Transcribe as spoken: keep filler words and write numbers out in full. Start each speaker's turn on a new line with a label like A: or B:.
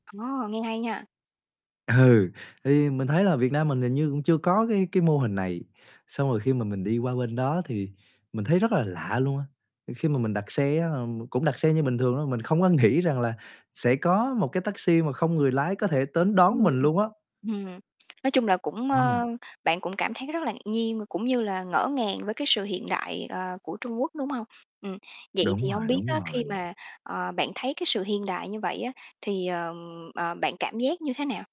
A: Ồ, nghe hay nha!
B: Ừ, thì mình thấy là Việt Nam mình hình như cũng chưa có cái cái mô hình này. Xong rồi khi mà mình đi qua bên đó thì mình thấy rất là lạ luôn á. Khi mà mình đặt xe á, ờm, cũng đặt xe như bình thường thôi, mình không có nghĩ rằng là sẽ có một cái taxi mà không người lái có thể tến
A: Ừm.
B: đón mình luôn á.
A: Ừm, nói chung là cũng,
B: Ờ.
A: ơ, bạn cũng cảm thấy rất là ngạc nhiên và cũng như là ngỡ ngàng với cái sự hiện đại, ờ, của Trung Quốc, đúng hông? Ừm. Vậy
B: Đúng
A: thì hông
B: rồi,
A: biết
B: đúng
A: á, khi
B: rồi.
A: mà, ờ, bạn thấy cái sự hiện đại như vậy á thì, ờm, ờ, bạn cảm giác như thế nào?